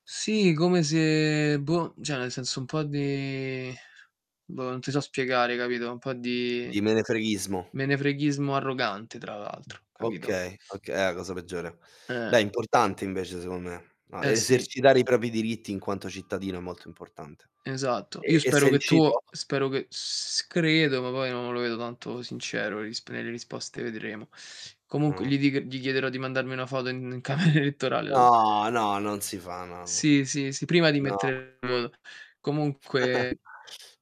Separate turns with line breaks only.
Sì come se boh, cioè, nel senso un po' di boh, non ti so spiegare, capito, un po' di
Di menefreghismo.
menefreghismo arrogante tra l'altro capito?
Okay, oka è la cosa peggiore. Beh,
Eh.
è importante invece secondo me. A
Eh, sì.
esercitare i propri, diritti in quanto cittadino è molto importante.
Esatto.
Ehm,
Io
e
spero
sei
che tu
riuscito?
spero che s che credo, ma poi non lo vedo tanto sincero, le risp nelle risposte vedremo. Comunque
Mh.
gli dic gli chiederò di mandarmi una foto in in camera elettorale
No, no, non si fa no, no.
Sì, sì, sì, prima di
No.
mettere il voto. Comunque